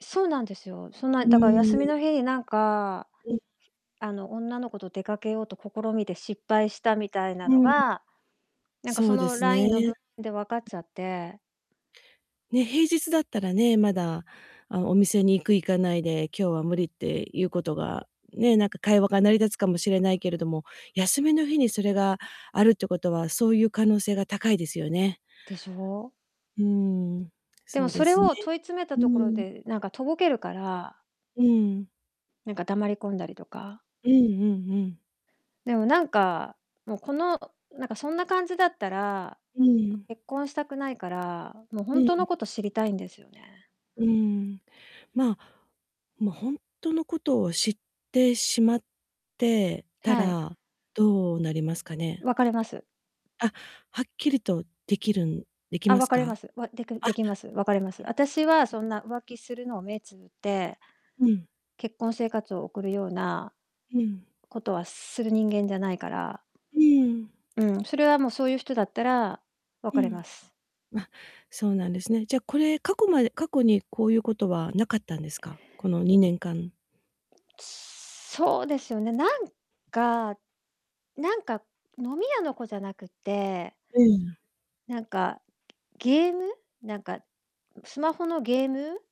そうなんですよ。そんな、ういだからー休みん。の日になんか、うん。あの、女の子と出かけようと試みて失敗したみたいなうのん。が、なんかそそうでの、すね。LINE の文うで、わかっん。ちゃってね、平日だったらね、まだ、あ、お店に行く行かないで、今日は無理っていうことが、ね、なんか、会話が成り立つかもしれないけれども、休みの日にそれがあるってことは、そういう可能性が高いですよね。でしょう？うーん、でそも、うそでれすね。を問い詰めたうところん。で、なんか、とぼけるからうん。なんか、黙り込んだりとか。うんうんうん。でも、なんか、もうこの、なんかそんな感じだったら、ううん、ん。結婚したくないから、も、ほうんんとうのん。こと知りたいんですよね。うーん。まあ、も、ほんとのことを知ってしまってたはい。ら、どうなりますかね？別れます。あ、はっきりと出来るん出来あ、ます別れまか？あ、す。わでくんできます。別れます。あたしは、そんな、浮うん、うん、う気ん。するのを目つぶってうん。結婚生活を送るようなうん。ことは、する人間じゃないからうーん。うん、それはもう、そういう人だったら、う別れん。ます。あ、そうなんですね。じゃ、これ、過去まで過去に、こういう事はなかったんですか？この2年間。つそうですよね。なんかなんか飲み屋の子じゃなくってうん。なんか、ゲーム、なんか、スマホのゲーム